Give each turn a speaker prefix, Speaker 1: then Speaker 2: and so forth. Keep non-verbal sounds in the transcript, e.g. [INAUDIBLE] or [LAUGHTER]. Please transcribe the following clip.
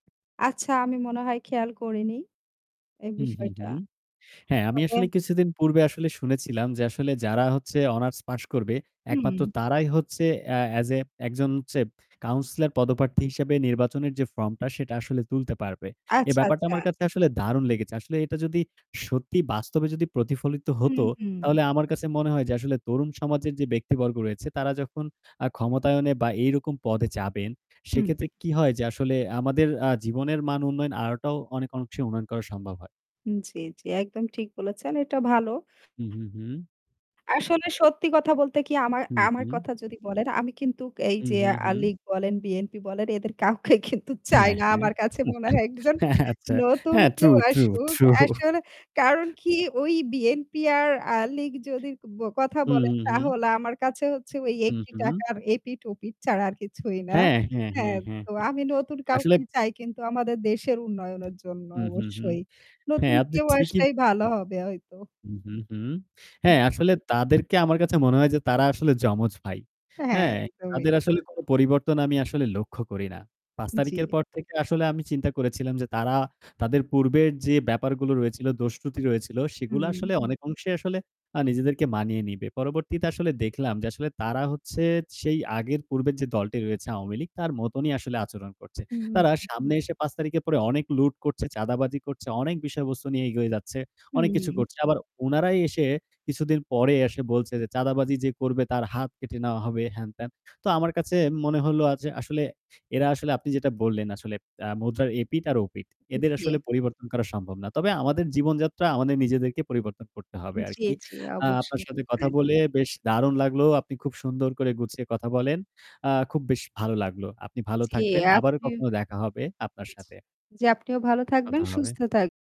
Speaker 1: আচ্ছা, আমি মনে হয় খেয়াল করিনি, এই
Speaker 2: হুম, হুম,
Speaker 1: বিষয়টা।
Speaker 2: হুম। হ্যাঁ, আমি আসলে
Speaker 1: [UNINTELLIGIBLE]
Speaker 2: কিছুদিন পূর্বে আসলে শুনেছিলাম যে, আসলে যারা হচ্ছে অনার্স পাস করবে, একমাত্র
Speaker 1: হু।
Speaker 2: তারাই হচ্ছে অ্যা অ্যাজ অ্যা একজন হচ্ছে কাউন্সিলর পদপ্রার্থী হিসেবে নির্বাচনের যে ফর্মটা, সেটা আসলে তুলতে পারবে। এ
Speaker 1: আচ্ছা,
Speaker 2: ব্যাপারটা
Speaker 1: আচ্ছা।
Speaker 2: আমার কাছে আসলে দারুণ লেগেছে। আসলে এটা যদি সত্যি বাস্তবে যদি প্রতিফলিত
Speaker 1: হু,
Speaker 2: হতো,
Speaker 1: হু।
Speaker 2: তাহলে আমার কাছে মনে হয় যে, আসলে তরুণ সমাজের যে ব্যক্তিবর্গ রয়েছে, তারা যখন আ ক্ষমতায়নে বা এই রকম পদে যাবেন, সে
Speaker 1: হুম।
Speaker 2: ক্ষেত্রে কী হয় যে, আসলে আমাদের আ জীবনের মান উন্নয়ন আনাটাও অনেক অংশে উন্নয়ন করা সম্ভব হয়।
Speaker 1: জ্বী, জ্বী একদম ঠিক বলেছেন। এটা ভালো।
Speaker 2: হুম, হুম, হুম।
Speaker 1: আসলে সত্যি কথা বলতে কি, আমার
Speaker 2: হু,
Speaker 1: আমার
Speaker 2: হু।
Speaker 1: কথা যদি বলেন, আমি কিন্তু এই
Speaker 2: হুম,
Speaker 1: যে
Speaker 2: হুম,
Speaker 1: আ
Speaker 2: হুম।
Speaker 1: লীগ বলেন, বিএনপি বলেন, এদের কাউকে কিন্তু চাই
Speaker 2: হ্যাঁ,
Speaker 1: না।
Speaker 2: হ্যাঁ।
Speaker 1: আমার কাছে মনে হয়,
Speaker 2: [LAUGHS]
Speaker 1: একজন
Speaker 2: হ্যাঁ, আচ্ছা।
Speaker 1: নতুন
Speaker 2: হ্যাঁ, ট্রু
Speaker 1: কেউ
Speaker 2: ট্রু
Speaker 1: আসুক।
Speaker 2: ট্রু।
Speaker 1: আসলে কারণ কী, ওই বিএনপি আর আ লীগের যদি কথা
Speaker 2: হুম,
Speaker 1: বলেন,
Speaker 2: হুম, হুম।
Speaker 1: তাহলে আমার কাছে হচ্ছে
Speaker 2: হু,
Speaker 1: একটি
Speaker 2: হু।
Speaker 1: টাকার এপিঠ-ওপিঠ ছাড়া আর কিছুই না।
Speaker 2: হ্যাঁ, হ্যাঁ,
Speaker 1: হ্যাঁ,
Speaker 2: হ্যাঁ, হ্যাঁ।
Speaker 1: তো আমি নতুন
Speaker 2: আসলে
Speaker 1: কাউকে চাই, কিন্তু আমাদের দেশের উন্নয়নের জন্য
Speaker 2: হুম, হুম, হুম।
Speaker 1: অবশ্যই। নতুন
Speaker 2: হ্যাঁ, আপনি
Speaker 1: কেউ
Speaker 2: ঠিকই
Speaker 1: আসলেই ভালো হবে হয়তো।
Speaker 2: হুম, হুম, হুম। হ্যাঁ, আসলে তাদেরকে আমার কাছে মনে হয় যে, তারা আসলে যমজ ভাই।
Speaker 1: হ্যাঁ,
Speaker 2: হ্যাঁ,
Speaker 1: একদমই।
Speaker 2: তাদের আসলে কোনো পরিবর্তন আমি আসলে লক্ষ্য করি না। ৫ তারিখের
Speaker 1: জ্বী।
Speaker 2: পর থেকে আসলে আমি চিন্তা করেছিলাম যে, তারা তাদের পূর্বের যে ব্যাপারগুলো রয়েছিল, দোষ-ত্রুটি রয়েছিল, সেগুলো
Speaker 1: হুম।
Speaker 2: আসলে অনেক অংশেই আসলে আ নিজেদেরকে মানিয়ে নেবে। পরবর্তীতে আসলে দেখলাম যে, আসলে তারা হচ্ছে সেই আগের পূর্বের যে দলটি রয়েছে, আওয়ামী লীগ, তার মতোনই আসলে আচরণ করছে। তারা
Speaker 1: হু।
Speaker 2: সামনে এসে ৫ তারিখের পরে অনেক লুট করছে, চাঁদাবাজি করছে, অনেক বিষয়বস্তু নিয়ে এগিয়ে যাচ্ছে,
Speaker 1: হু,
Speaker 2: অনেক কিছু
Speaker 1: হু।
Speaker 2: করছে। আবার ওনারাই এসে কিছুদিন পরে এসে বলছে যে, "চাঁদাবাজি যে করবে, তার হাত কেটে নেওয়া হবে।" হ্যান-ত্যান। তো আমার কাছে মনে হলো আ যে, আসলে এরা আসলে, আপনি যেটা বললেন, আসলে মুদ্রার এপিঠ আর ওপিঠ। এদের
Speaker 1: জি।
Speaker 2: আসলে পরিবর্তন করা সম্ভব না। তবে আমাদের জীবনযাত্রা, আমাদের নিজেদেরকে পরিবর্তন করতে হবে আর
Speaker 1: জ্বী,
Speaker 2: কি।
Speaker 1: জ্বী
Speaker 2: আপনার
Speaker 1: অবশ্যই।
Speaker 2: সাথে কথা বলে বেশ দারুণ লাগল। আপনি খুব সুন্দর করে গুছিয়ে কথা বলেন। আ খুব বেশি ভালো লাগল। আপনি ভালো
Speaker 1: জি,
Speaker 2: থাকবেন। আবারও
Speaker 1: আপনিও
Speaker 2: কখনো দেখা হবে আপনার সাথে।
Speaker 1: জি, আপনিও ভালো থাকবেন,
Speaker 2: কথা হবে।
Speaker 1: সুস্থ থাক